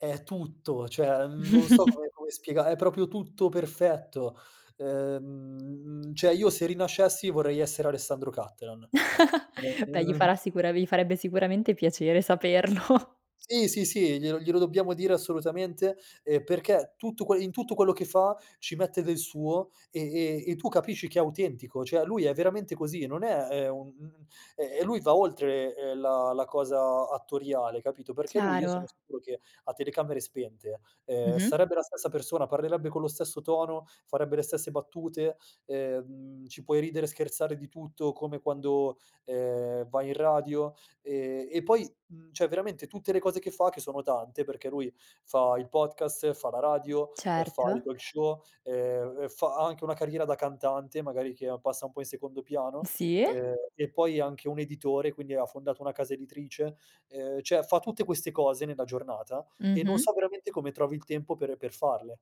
È tutto, cioè non so come come spiega è proprio tutto perfetto. Ehm, cioè io se rinascessi, vorrei essere Alessandro Cattelan. Beh, gli [unintelligible] farà sicura gli farebbe sicuramente piacere saperlo. Sì, sì, sì, glielo glielo dobbiamo dire assolutamente, ehm, perché tutto quel in tutto quello che fa ci mette del suo, e e e tu capisci che è autentico, cioè lui è veramente così, non è, ehm, un un e lui va oltre, ehm, la la cosa attoriale, capito; perché lui, io sono Chiaro. sicuro, che a telecamere spente, ehm, Mh-mh. sarebbe la stessa persona, parlerebbe con lo stesso tono, farebbe le stesse battute, ehm, ci puoi ridere e scherzare di tutto come quando, ehm, vai in radio e e poi, mhmm, cioè veramente tutte le cose che fa, che sono tante, perché lui fa il podcast, fa la radio, ehm, fa il Certo. talk show, ehm, fa anche una carriera da cantante, magari che passa un po' in secondo piano, Sì? e e poi è anche un editore, quindi ha fondato una casa editrice, ehm, cioè fa tutte queste cose nella giornata, e non Mh-mh. so veramente come trovi il tempo per per farle,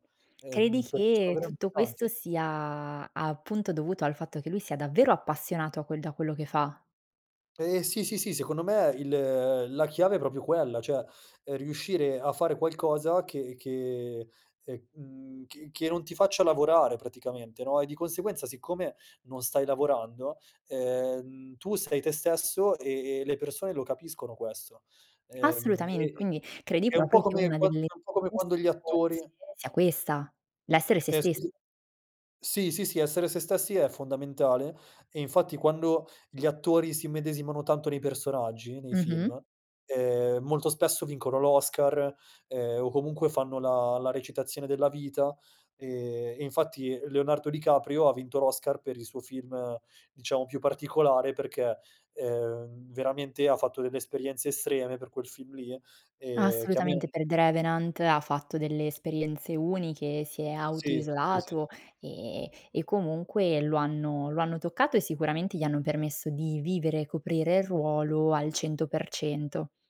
Credi ehm, perché sono che veramente tutto questo tante. sia, appunto dovuto al fatto che lui sia davvero appassionato a quel da quello che fa? Ehm, sì, sì, sì, secondo me il la chiave è proprio quella, cioè ehm, riuscire a fare qualcosa che che, ehm, che che non ti faccia lavorare praticamente, no, e di conseguenza, siccome non stai lavorando, ehm, tu sei te stesso e e le persone lo capiscono questo. Ehm, Assolutamente, e quindi credi è un po' proprio che come una quando delle un po' come quando gli [unintelligible] attori sia questa, l'essere se Eh stessi. sì. Sì, sì, sì, essere se stessi è fondamentale. E infatti, quando gli attori si immedesimano tanto nei personaggi, nei Mh-mh. film, ehm, molto spesso vincono l'Oscar, ehm, o comunque fanno la la recitazione della vita. Ehm, e infatti Leonardo Di Caprio ha vinto l'Oscar per il suo film, diciamo più particolare, perché, ehm, veramente ha fatto delle esperienze estreme per quel film lì e che a Assolutamente, me per "The Revenant" ha fatto delle esperienze uniche, si è Sì, sì, sì. auto-isolato e e comunque lo hanno lo hanno toccato e sicuramente gli hanno permesso di vivere e coprire il ruolo al 100%.